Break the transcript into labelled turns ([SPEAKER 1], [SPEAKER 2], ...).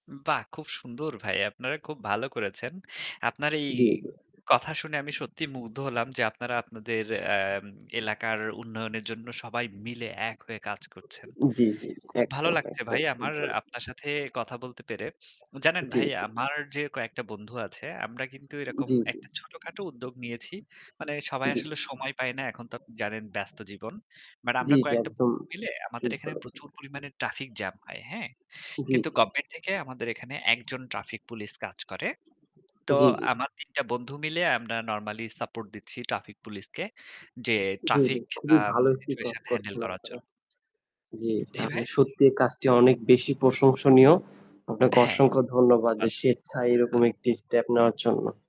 [SPEAKER 1] বাহ! খুব সুন্দর ভাই। আপনারা খুব ভালো করেছেন। আপনার এই
[SPEAKER 2] জ্বী, জ্বী, জ্বী।
[SPEAKER 1] কথা শুনে আমি সত্যিই মুগ্ধ হলাম যে আপনারা আপনাদের এম এলাকার উন্নয়নের জন্য সবাই মিলে এক হয়ে কাজ করছেন।
[SPEAKER 2] জ্বী, জ্বী, জ্বী।
[SPEAKER 1] খুব ভালো
[SPEAKER 2] একদম,
[SPEAKER 1] লাগছে
[SPEAKER 2] একদম
[SPEAKER 1] ভাই
[SPEAKER 2] ঠিক
[SPEAKER 1] আমার
[SPEAKER 2] বলেছেন।
[SPEAKER 1] আপনার সাথে কথা বলতে পেরে। জানেন
[SPEAKER 2] জ্বি,
[SPEAKER 1] ভাই?
[SPEAKER 2] জ্বি।
[SPEAKER 1] আমার যে কয়েকটা বন্ধু আছে আমরা কিন্তু এরকম
[SPEAKER 2] জ্বি, জ্বি।
[SPEAKER 1] একটা ছোটখাটো উদ্যোগ নিয়েছি। মানে সবাই
[SPEAKER 2] জী।
[SPEAKER 1] আসলে সময় পায় না। এখন তো আপনি জানেন ব্যস্ত জীবন। বাট আমরা
[SPEAKER 2] জ্বী, জ্বী।
[SPEAKER 1] কয়েকটা
[SPEAKER 2] একদম
[SPEAKER 1] বন্ধু মিলে আমাদের
[SPEAKER 2] ঠিক
[SPEAKER 1] এখানে
[SPEAKER 2] বলেছেন।
[SPEAKER 1] প্রচুর পরিমাণে ট্রাফিক জাম হয়। হ্যাঁ?
[SPEAKER 2] জী,
[SPEAKER 1] কিন্তু
[SPEAKER 2] জী, জী।
[SPEAKER 1] গভমেন্ট থেকে আমাদের এখানে একজন ট্রাফিক পুলিশ কাজ করে। তো
[SPEAKER 2] জ্বী, জ্বী, জ্বী।
[SPEAKER 1] আমার ৩ টা বন্ধু মিলে আমরা normally support দিচ্ছি ট্রাফিক পুলিশকে যে
[SPEAKER 2] জ্বি, জ্বি।
[SPEAKER 1] ট্রাফিক
[SPEAKER 2] খুবই
[SPEAKER 1] আম
[SPEAKER 2] ভালো একটি কাজ
[SPEAKER 1] situation handle
[SPEAKER 2] করছেন
[SPEAKER 1] করার
[SPEAKER 2] আপনারা।
[SPEAKER 1] জন্য।
[SPEAKER 2] জ্বী, জ্বী,
[SPEAKER 1] জ্বি, ভাই?
[SPEAKER 2] আপনার সত্যি কাজটি অনেক বেশি প্রশংসনীয়। আপনাকে
[SPEAKER 1] হ্যাঁ।
[SPEAKER 2] অসংখ্য ধন্যবাদ যে
[SPEAKER 1] [unintelligible]
[SPEAKER 2] স্বেচ্ছায় এরকম একটি step নেওয়ার জন্য।